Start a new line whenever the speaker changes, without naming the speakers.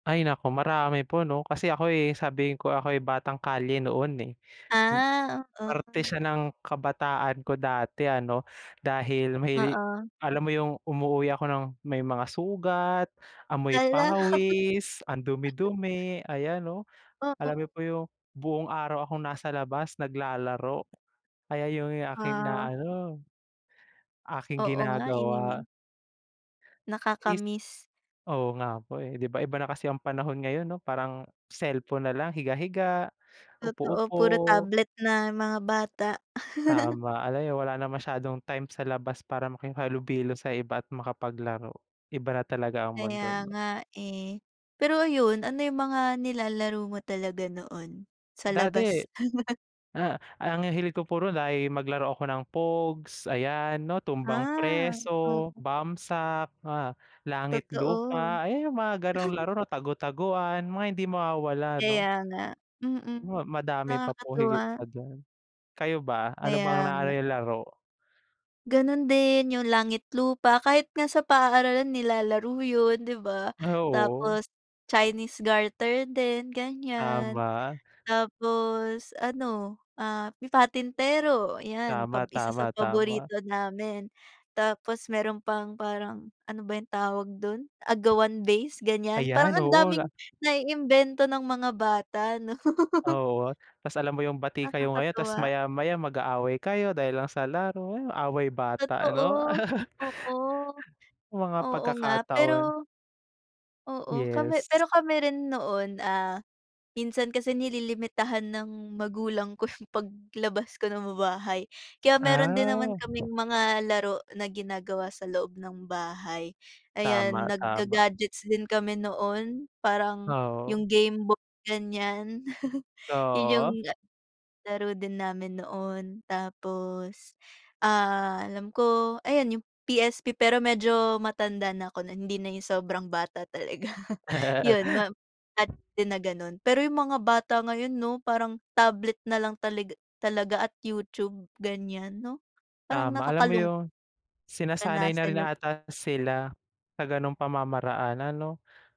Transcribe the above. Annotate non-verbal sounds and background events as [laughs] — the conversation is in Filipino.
Ay naku, marami po 'no, kasi ako'y sabihin ko ako'y batang kalye noon, eh. Hmm,
Ah,
parte
oo.
siya ng kabataan ko dati ano, dahil may
Oo.
alam mo yung umuuwi ako ng may mga sugat, amoy
Hala.
pawis, ang
[chuckles]
dumi-dumi, ayan 'no?
Oo.
Alam mo po yung buong araw akong nasa labas, naglalaro, kaya yung aking
Oo.
inaano, aking
Oo nga, eh.
ginagawa is
Nakaka-miss.
oo nga po eh, 'di ba? Iba na kasi ang panahon ngayon, 'no? Parang cellphone nalang, higa-higa,
Totoo, puro
upo-upo.
tablet na mga bata. [chuckles]
Tama, ano, eh, wala na masyadong time sa labas para makihalubilo sa iba at makapaglaro. Iba na talaga ang
Kaya
mundo, 'no?
nga, eh. Pero ayun, ano yung mga nilalaro mo talaga noon sa
Dati,
labas? [chuckles]
ah, ang hilig ko puro na ay maglaro ako ng pogs, ayan, 'no? Tumbang
Ah,
preso,
oo.
bamsak, ah, langit
Totoo.
lupa, ayan, yung mga gan'ong
[chuckles]
laro 'no, tagu-taguan, mga hindi mawawala, 'no?
Kaya nga. Mm.
Ma madami pa po
Nakakatuwa.
higit pa dun. Kayo ba, ano bang
Kaya
naano
nga.
niyong laro?
Ganun din, yung langit lupa, kahit nga sa paaralan nilalaro yun, 'di ba?
Ah, oo.
Tapos chinese garter din, ganiyan.
Tama.
Tapos ano, ah, patintero, 'yan pa
Tama,
isa sa
tama, tama.
paborito namin. Tapos meron pang parang, ano ba yung tawag dun, agawan base, ganiyan. Parang
Ayan,
ang
oo,
daming
na
naiimbento ng mga bata, 'no? [laughs]
Oo, tapos alam mo yung bati kayo ngayon, tapos
Nakakatuwa.
maya-maya mag-aaway kayo dahil lang sa laro. Yung away bata ano,
Totoo,
[chuckles]
oo.
mga
Oo nga
pagkakataon.
pero oo, kami
Yes.
pero kami rin noon, ah, minsan kasi nililimitahan ng magulang ko yung paglabas ko ng bahay, kaya meron din naman kaming
Ah.
mga laro na ginagawa sa loob ng bahay, ayan,
Tama-tama.
nagga-gadgets din kami noon, parang
Oo.
yung gameboy, ganiyan. [chuckles] Yun yung,
Oo.
ah, laro din namin noon. Tapos, ah, alam ko, ayan yung PSP pero medyo matanda na ako non hindi na yung sobrang bata talaga, yun
[laughs]
map at din na gano'n. Pero yung mga bata ngayon 'no, parang tablet nalang taliga talaga at YouTube, ganiyan, 'no, parang
Tama, alam mo
nakakalung
yun, sinasanay na rin
ranasan yung
ata sila sa gano'ng pamamaraanan, ano?